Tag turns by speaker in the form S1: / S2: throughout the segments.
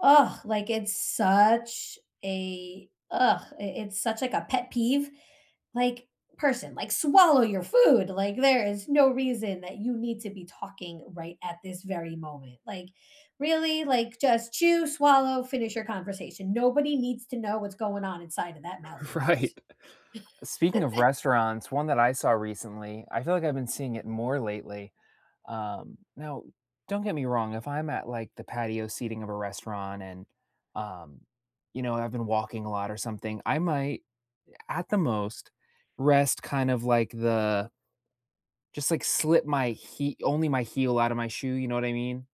S1: Ugh, like, it's such a ugh, it it's such, like, a pet peeve, like, person, like, "Swallow your food." Like, there is no reason that you need to be talking right at this very moment, like, really, like, just chew, swallow, finish your conversation, nobody needs to know what's going on inside of that mouth of yours.
S2: Right, speaking of restaurants, one that I saw recently, I feel like, I've been seeing it more lately um, now, don't get me wrong, if I'm at, like, the patio seating of a restaurant and, um, you know, I've been walking a lot or something, I might, at the most, rest, kind of like, the Just, like, slip my hee only my heel out of my shoe, you know what I mean,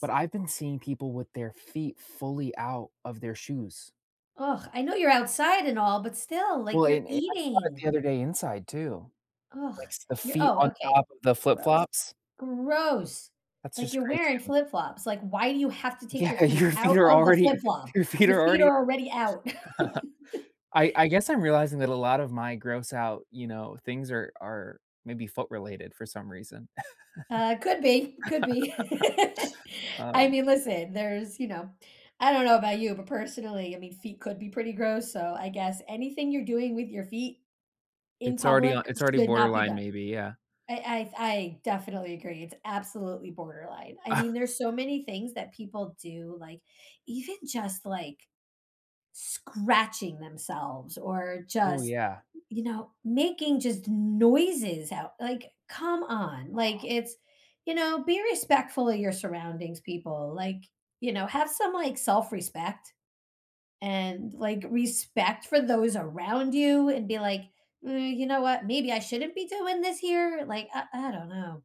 S2: but I've been seeing people with their feet fully out of their shoes.
S1: Ugh, I know you're outside and all, but still, like,
S2: Well,
S1: you're
S2: and and I saw it
S1: eating.
S2: the other day inside, too,
S1: Ugh,
S2: like, the
S1: you're
S2: feet
S1: oh,
S2: on
S1: okay,
S2: top of the flip
S1: gross,
S2: flops?
S1: gross,
S2: That's
S1: like,
S2: just
S1: you're
S2: crazy
S1: wearing
S2: to me.
S1: flip flops, like, "Why do you have to take
S2: Yeah,
S1: your feet
S2: your feet
S1: out
S2: are
S1: of the flip
S2: already
S1: flop?
S2: your feet
S1: Your
S2: are
S1: feet
S2: already
S1: are already out."
S2: I I guess I'm realizing that a lot of my gross out, you know, things are are maybe foot-related for some reason,
S1: Ah, could be could be, I
S2: um
S1: mean, listen, there's you know, I don't know about you, but personally, I mean, feet could be pretty gross, so, I guess, anything you're doing with your feet in
S2: It's already on
S1: public
S2: it's already
S1: should not be
S2: borderline,
S1: done.
S2: maybe, yeah.
S1: I I I definitely agree, it's absolutely borderline. I mean,
S2: Ugh!
S1: there's so many things that people do, like, even just like, scratching themselves or
S2: Ooh,
S1: just,
S2: yeah.
S1: m you know, making just noises out like, come on, like,
S2: Oh.
S1: it's you know, be respectful of your surroundings, people, like, you know, have some, like, self-respect and, like, respect for those around you and be, like, uh, "You know what? Maybe I shouldn't be doing this here?" Like, I I don't know.